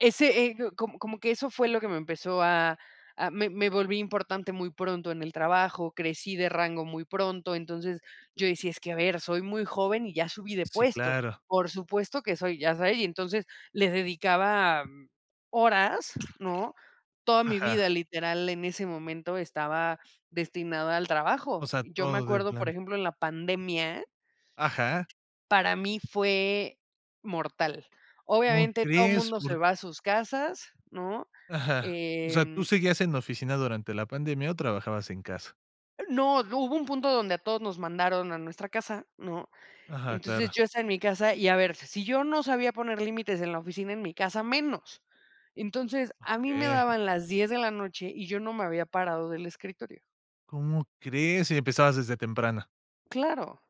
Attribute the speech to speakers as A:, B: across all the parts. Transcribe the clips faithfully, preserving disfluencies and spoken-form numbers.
A: Ese ego, como como que eso fue lo que me empezó, a a me me volví importante muy pronto en el trabajo, crecí de rango muy pronto, entonces, yo decía: "Es que, a ver, soy muy joven, y ya subí de
B: Sí,
A: puesto.
B: claro.
A: Por supuesto que soy, ya sabe". Y entonces, les dedicaba horas, ¿no? Toda mi
B: Ajá.
A: vida, literal, en ese momento, estaba destinada al
B: O
A: trabajo.
B: sea,
A: Yo me
B: todo de
A: acuerdo, por
B: plano.
A: ejemplo, en la pandemia
B: Ajá.
A: para mí fue, mortal.
B: ¿Como
A: Obviamente, todo
B: crees?
A: mundo se
B: Por
A: va a sus casas, ¿no?
B: Ajá. O sea, ¿tú
A: Em
B: seguías en la oficina durante la pandemia, o trabajabas en casa?
A: No, d hubo un punto donde a todos nos mandaron a nuestra casa, ¿no?
B: Aja,
A: Entonces,
B: claro.
A: yo estaba en mi casa y, a ver, si yo no sabía poner límites en la oficina, en mi casa, menos. Entonces, a mí me
B: Okey.
A: daban las diez de la noche, y yo no me había parado del escritorio.
B: ¿Cómo crees, si empezabas desde temprano?
A: Claro.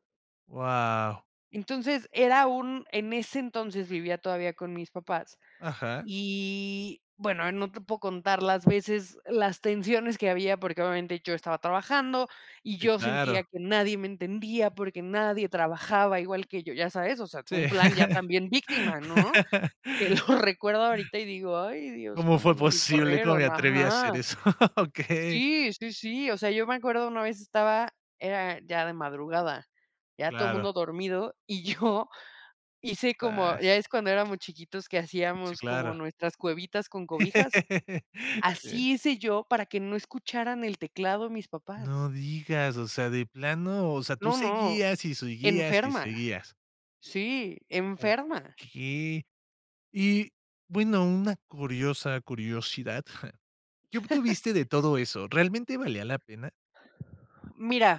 B: Guau.
A: Entonces, era un en ese entonces, vivía todavía con mis papás.
B: Ajá.
A: Y, bueno, no te puedo contar las veces, las tensiones que había, porque, obviamente, yo estaba trabajando, y
B: Sí,
A: yo sentía
B: claro.
A: que nadie me entendía, porque nadie trabajaba igual que yo, ya sabes, o sea,
B: Sí.
A: un plan, ya también víctima, ¿no? Que lo recuerdo ahorita, y digo: "Ay, Dios,
B: ¿Cómo
A: cómo
B: fue
A: no me
B: posible? ¿Cómo me
A: corrieron".
B: atreví a hacer
A: Ajá.
B: eso? Okey.
A: Sí, sí, sí. O sea, yo me acuerdo, una vez estaba era ya de madrugada, ya todo
B: Claro.
A: mundo dormido, y yo, hice como, ya
B: Zaz.
A: ves cuando éramos chiquitos, que
B: Sí,
A: hacíamos como
B: claro.
A: nuestras cuevitas con cobijas,
B: Sí.
A: así hice yo, para que no escucharan el teclado, mis papás.
B: No digas, o sea, de plano, o sea, tú
A: No, no,
B: seguías, y seguías, y
A: enferma.
B: seguías.
A: Sí, enferma.
B: Okey. Y, bueno, una curiosa curiosidad, ¿qué obtuviste de todo eso? ¿Realmente valía la pena?
A: Mira